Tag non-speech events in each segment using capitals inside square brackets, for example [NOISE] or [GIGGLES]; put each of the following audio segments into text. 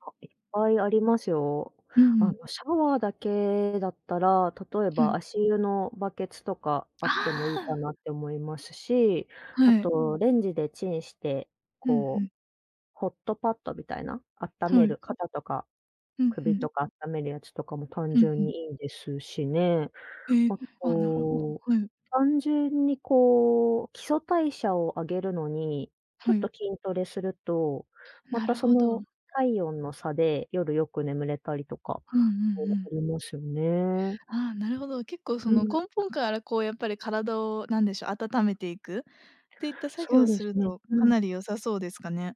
あ、いっぱいありますよ。うあん。のシャワーだけだったら、例えうばん。足湯のバケツとかあってもあいいかあ。なって思いますし、あはい。とレンジでチンして、うんうこうん。ホットパットみたいな、あったうめん。る、肩とかうんう首ん。とか温めるやつとかも単うんう純ん。にいいですしね、ええ、ああ、なると、ほど、はい。単純にこう基礎代謝を上げるのに、ちょうっん。と筋トレすると、まなたるそほのど。体温の差で夜よく眠れたりとか、うんうんうそう、あん。りますよね。ああ、なるほど。結構そうのん。根本からこうやっぱり体を何でしょう、温めていくっていった作そ業うをですするね、とうかん。なり良さそうですかね。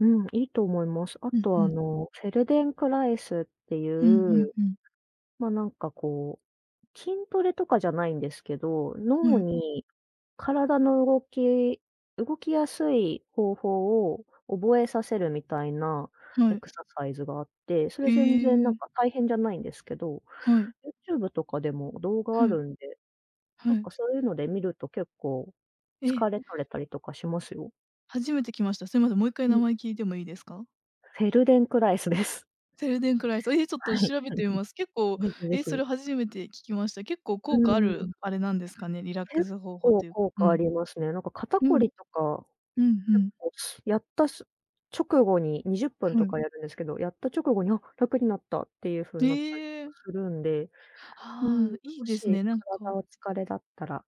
うん、いいと思います。あうんうとあん。の、フェルデンクライスっていうんう、うんうん。ま、なんかこう、筋トレとかじゃないんですけど、は脳い。に、体の動き動きやすい方法を覚えさせるみたいなはエい。クササイズがあって、それへ全然なんえ。か大変じゃないんですけど、はい。ユーチューブとかでも動画うあん。るんで、うなんん。かそういうので見ると結構ええ。疲れ取れたりとかしますよ。初めてきました。すいません、もう1回う名ん。前聞いてもいいですか？フェルデンクライスです。フェルデンクライス、え、ちょっはとい、調べてみ [GIGGLES] ます。結構、ぜひぜえ、そひ。れ初めて聞きました。結構、う効果あーるん。あれなんですかね？リラック結ス方法構という。効う果あん。りますね。なんか肩うこん。りとか、うん、ふ結ん。構、やった、す直後に20分うとん。かやるんですけど、やった直後に「あっ、楽になった」っていうふうになったりへとえ。かするんで、うーあん、あ、いいもですしね、なん体か。の疲れだったら